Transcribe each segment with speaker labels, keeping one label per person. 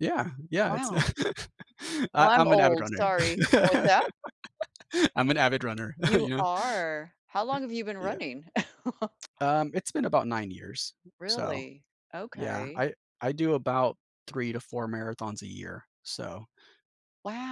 Speaker 1: Yeah. Yeah. It's no
Speaker 2: Wow. Well,
Speaker 1: I
Speaker 2: I'm
Speaker 1: I'm an avid
Speaker 2: old,
Speaker 1: runner.
Speaker 2: sorry Oh what's that?
Speaker 1: I'm an avid runner.
Speaker 2: You
Speaker 1: You know?
Speaker 2: are. How long have you been
Speaker 1: Yeah.
Speaker 2: running?
Speaker 1: Um, it's been about 9 years. So,
Speaker 2: Really?
Speaker 1: yeah,
Speaker 2: Okay.
Speaker 1: I I do about 3 to 4 marathons a year. So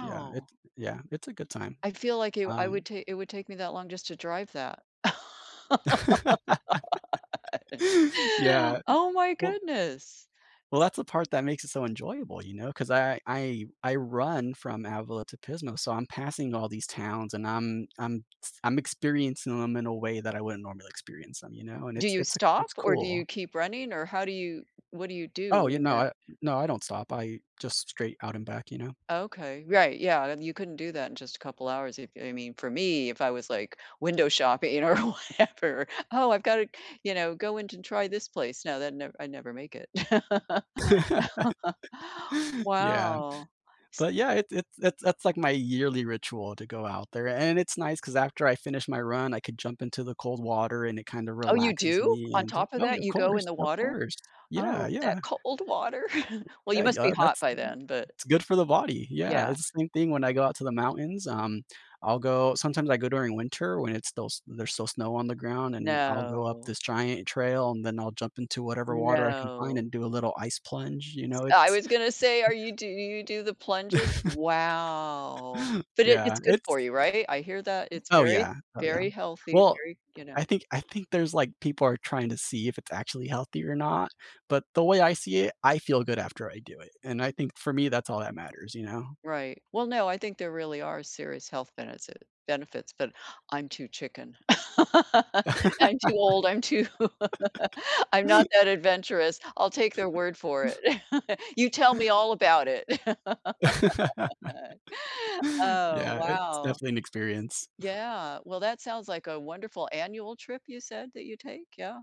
Speaker 1: yeah, it yeah, it's a good time.
Speaker 2: I feel like i I would
Speaker 1: Um
Speaker 2: ta it would take me that long just to drive that.
Speaker 1: Yeah.
Speaker 2: Oh, my
Speaker 1: Well
Speaker 2: goodness.
Speaker 1: well,
Speaker 2: S
Speaker 1: that's the part that makes it so enjoyable, you know, 'cause I I I run from Avila to Pismo, so I'm passing all these towns, and I'm I'm s I'm experiencing 'em in a way that I wouldn't normally experience 'em, you know? And
Speaker 2: Do
Speaker 1: it's
Speaker 2: you
Speaker 1: it's a
Speaker 2: stop
Speaker 1: it's
Speaker 2: or do you
Speaker 1: cool.
Speaker 2: keep running or how do you what do you
Speaker 1: Oh,
Speaker 2: do
Speaker 1: yeah,
Speaker 2: in
Speaker 1: no,
Speaker 2: that?
Speaker 1: I no, I don't stop, I just straight out and back, you know?
Speaker 2: Okay, right, yeah, you couldn't do that in just a couple hours, if I mean, for me, if I was like window shopping, you know, or whatever. "Oh, I've got to, you know, go in to try this place." No, that nev I never make it.
Speaker 1: Yeah.
Speaker 2: Wow, s
Speaker 1: But yeah, it's it's it's that's like my yearly ritual to go out there, and it's nice 'cause after I finish my run, I could jump into the cold water and it kinda
Speaker 2: Oh, you
Speaker 1: relaxes
Speaker 2: do?
Speaker 1: me
Speaker 2: On
Speaker 1: and
Speaker 2: top of
Speaker 1: Oh, yeah,
Speaker 2: that,
Speaker 1: of
Speaker 2: you go in
Speaker 1: course,
Speaker 2: the
Speaker 1: of
Speaker 2: water?
Speaker 1: course. Yeah,
Speaker 2: Oh, that
Speaker 1: yeah.
Speaker 2: cold water. Well, you
Speaker 1: A
Speaker 2: must be
Speaker 1: yeah,
Speaker 2: hot
Speaker 1: that's
Speaker 2: by then, but
Speaker 1: it's good for the body. Yeah,
Speaker 2: Yeah.
Speaker 1: it's the same thing when I go out to the mountains, um, I'll go sometimes I go during winter when it's still s there's still snow on the ground and I'll go up
Speaker 2: No.
Speaker 1: this giant trail and then I'll jump into whatever water I can find
Speaker 2: No.
Speaker 1: and do a little ice plunge, you
Speaker 2: S
Speaker 1: know,
Speaker 2: I
Speaker 1: it's
Speaker 2: was gonna say, are you do you you do the plunges? Wow. But it
Speaker 1: Yeah,
Speaker 2: it's good for
Speaker 1: it's
Speaker 2: you, right? I hear that it's
Speaker 1: Oh
Speaker 2: very,
Speaker 1: yeah, oh yeah.
Speaker 2: very healthy.
Speaker 1: Well,
Speaker 2: Very, you
Speaker 1: I
Speaker 2: know
Speaker 1: think I think there's, like people are trying to see if it's actually healthy or not, but the way I see it, I feel good after I do it, and I think, for me, that's all that matters, you know?
Speaker 2: Right, well, no, I think there really are serious health beneti benefits but I'm too chicken. I'm too old, I'm too I'm not that adventurous. I'll take their word for it. You tell me all about it. Oh,
Speaker 1: Yeah, it's
Speaker 2: wow.
Speaker 1: definitely an experience.
Speaker 2: Yeah. Well, that sounds like a wonderful annual trip you said that you take? Yeah.